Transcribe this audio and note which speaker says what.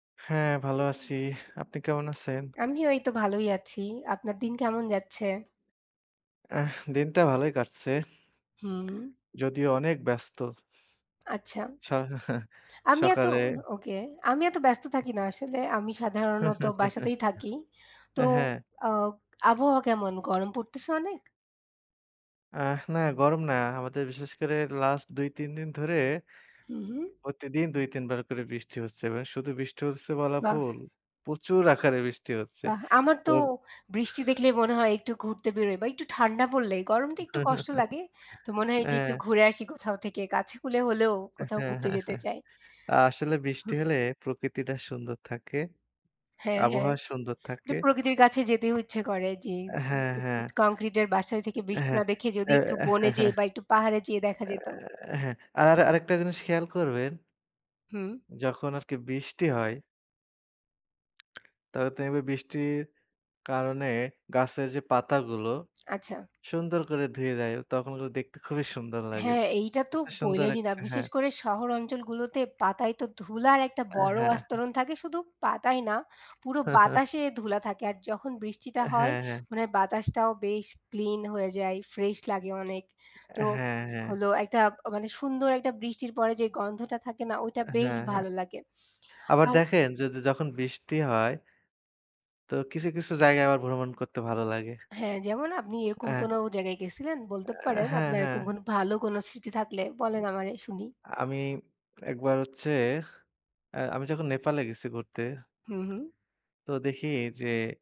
Speaker 1: হ্যাঁ, ভালো আছি। আপনি কেমন আছেন?
Speaker 2: আমি ওই তো ভালোই আছি। আপনার দিন কেমন যাচ্ছে?
Speaker 1: আহ! দিনটা ভালোই কাটছে।
Speaker 2: হুম।
Speaker 1: যদিও অনেক ব্যস্ত।
Speaker 2: আচ্ছা।
Speaker 1: আচ্ছা
Speaker 2: আমি এত
Speaker 1: সকালে
Speaker 2: ওকে। আমি এত ব্যস্ত থাকি না আসলে। আমি সাধারণত বাসাতেই থাকি। তো
Speaker 1: আ হ্যাঁ।
Speaker 2: আ আবহাওয়া কেমন? গরম পড়তেছে অনেক?
Speaker 1: আ না, গরম না। আমাদের বিশেষ করে লাস্ট ২ ৩ দিন ধরে
Speaker 2: হুম, হুম।
Speaker 1: প্রতিদিন ২ ৩ বার করে বৃষ্টি হচ্ছে। শুধু বৃষ্টি হচ্ছে বলা
Speaker 2: বাহ!
Speaker 1: ভুল। প্রচুর আকারে বৃষ্টি হচ্ছে,
Speaker 2: বাহ! আমার
Speaker 1: তো
Speaker 2: তো বৃষ্টি দেখলেই মনে হয় একটু ঘুরতে বেরোই বা একটু ঠান্ডা পড়লেই, গরমটা একটু কষ্ট লাগে। তো মনে হয় যে একটু
Speaker 1: হ্যাঁ।
Speaker 2: ঘুরে আসি কোথাও থেকে। কাছে কুলে হলেও কোথাও ঘুরতে যেতে চাই।
Speaker 1: আসলে বৃষ্টি হলে প্রকৃতিটা সুন্দর থাকে,
Speaker 2: হ্যাঁ, হ্যাঁ।
Speaker 1: আবহাওয়া সুন্দর
Speaker 2: একটু
Speaker 1: থাকে।
Speaker 2: প্রকৃতির কাছে যেতেও ইচ্ছে করে যে,
Speaker 1: হ্যাঁ, হ্যাঁ।
Speaker 2: কঙ্ক্রিটের বাসার থেকে বৃষ্টি
Speaker 1: হ্যাঁ,
Speaker 2: না দেখে যদি একটু বনে যেয়ে বা একটু পাহাড়ে যেয়ে দেখা যেত।
Speaker 1: অ্যাঁ হ্যাঁ। আর আরেকটা জিনিস খেয়াল করবেন
Speaker 2: হুম।
Speaker 1: যখন আর কি বৃষ্টি হয়। [unintelligible] বৃষ্টির কারণে গাছের যে পাতাগুলো
Speaker 2: আচ্ছা।
Speaker 1: সুন্দর করে ধুয়ে যায় তখন কিন্তু দেখতে খুবই সুন্দর লাগে।
Speaker 2: হ্যাঁ, এইটা তো
Speaker 1: খুবই সুন্দর
Speaker 2: বইলেইনি না।
Speaker 1: একটা,
Speaker 2: বিশেষ
Speaker 1: হ্যাঁ।
Speaker 2: করে শহর অঞ্চলগুলোতে পাতায় তো ধুলার একটা
Speaker 1: অ্যাঁ
Speaker 2: বড়
Speaker 1: হ্যাঁ।
Speaker 2: আস্তরণ থাকে। শুধু পাতায় না, পুরো বাতাসে ধুলা থাকে। আর যখন বৃষ্টিটা
Speaker 1: আ
Speaker 2: হয়
Speaker 1: হ্যাঁ, হ্যাঁ।
Speaker 2: মানে বাতাসটাও বেশ ক্লিন হয়ে যায়, ফ্রেশ লাগে অনেক। তো
Speaker 1: হ্যাঁ, হ্যাঁ।
Speaker 2: হলো একটা মানে সুন্দর একটা বৃষ্টির পরে যে গন্ধটা থাকে না, ওইটা বেশ
Speaker 1: হ্যাঁ, হ্যাঁ।
Speaker 2: ভালো লাগে।
Speaker 1: আবার
Speaker 2: আর
Speaker 1: দেখেন যদি যখন বৃষ্টি হয়। তো কিছু, কিছু জায়গায় আবার ভ্রমণ করতে ভালো লাগে।
Speaker 2: হ্যাঁ, যেমন আপনি এরকম
Speaker 1: হ্যাঁ।
Speaker 2: কোন জায়গায় গেছিলেন বলতে
Speaker 1: অ্যাঁ
Speaker 2: পারেন;
Speaker 1: হ্যাঁ,
Speaker 2: আপনার এরকম কোন ভালো কোন স্মৃতি থাকলে বলেন আমারে শুনি।
Speaker 1: আ আমি একবার হচ্ছে আ আমি যখন নেপালে গেছি ঘুরতে।
Speaker 2: হুম, হুম।
Speaker 1: তো দেখি যে